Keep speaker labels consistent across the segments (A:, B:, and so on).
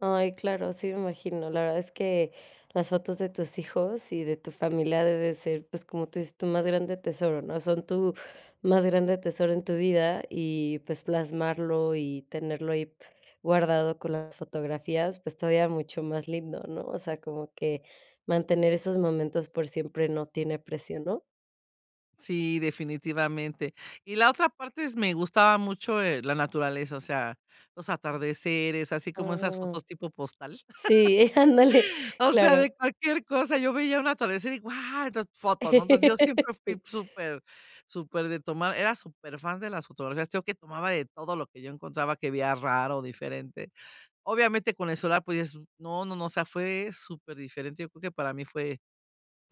A: Ay, claro, sí me imagino, la verdad es que las fotos de tus hijos y de tu familia debe ser, pues, como tú dices, tu más grande tesoro, ¿no?, son tu más grande tesoro en tu vida, y, pues, plasmarlo y tenerlo ahí guardado con las fotografías, pues todavía mucho más lindo, ¿no?, o sea, como que mantener esos momentos por siempre no tiene precio, ¿no?
B: Sí, definitivamente, y la otra parte, me gustaba mucho, eh, la naturaleza, o sea, los atardeceres, así como esas
A: Ah,
B: fotos tipo postal,
A: sí, ándale,
B: o sea,
A: claro.
B: de cualquier cosa, yo veía un atardecer, y guau, estas fotos, ¿no?, entonces, yo siempre fui
A: Sí.
B: súper súper de tomar, era súper fan de las fotografías, yo que tomaba de todo lo que yo encontraba que veía raro, diferente, obviamente, con el celular, pues es, no no no, o sea, fue super diferente, yo creo que para mí fue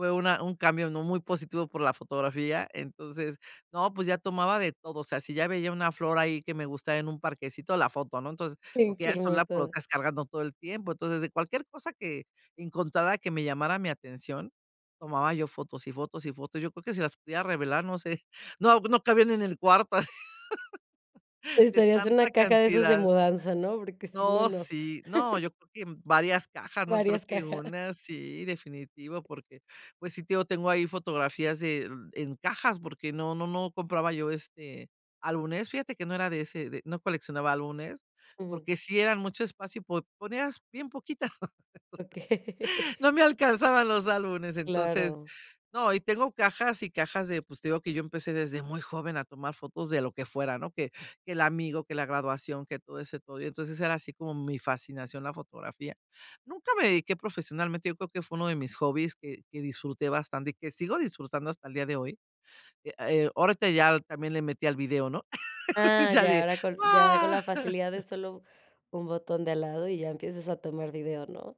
B: fue una un cambio, ¿no?, muy positivo por la fotografía, entonces, no pues, ya tomaba de todo, o sea, si ya veía una flor ahí que me gustaba en un parquecito, la foto, ¿no?, entonces,
A: Sí,
B: porque
A: que
B: ya el celular lo
A: hermoso.
B: estás cargando todo el tiempo, entonces, de cualquier cosa que encontrara que me llamara mi atención, tomaba yo fotos, y fotos y fotos, yo creo que si las pudiera revelar, no sé, no no cabían en el cuarto, de
A: Necesitarías una
B: tanta
A: caja de esas de
B: cantidad.
A: mudanza, ¿no?, porque si no,
B: No,
A: no.
B: sí no yo creo que varias cajas, no creo
A: Varias
B: que
A: cajas.
B: una, sí, definitivo, porque, pues sí, te digo, tengo ahí fotografías de en cajas, porque no no no compraba yo, este, álbumes, fíjate que no era de ese, no coleccionaba álbumes,
A: Ujú.
B: porque sí eran mucho espacio, po ponías bien poquitas,
A: Okey.
B: no me alcanzaban los álbumes, entonces,
A: Claro.
B: ¿no?, y tengo cajas y cajas de, pues, te digo que yo empecé desde muy joven a tomar fotos de lo que fuera, ¿no?, que que el amigo, que la graduación, que todo ese todo, y entonces era así como mi fascinación la fotografía, nunca me dediqué profesionalmente, yo creo que fue 1 de mis hobbies, que que disfruté bastante, y que sigo disfrutando hasta el día de hoy, eh, ahorita ya también le metí al video, ¿no?,
A: Ah,
B: ya
A: ya,
B: de,
A: ahora con, ya, con
B: ah
A: la facilidad de solo un botón de al lado, y ya empiezas a tomar video, ¿no?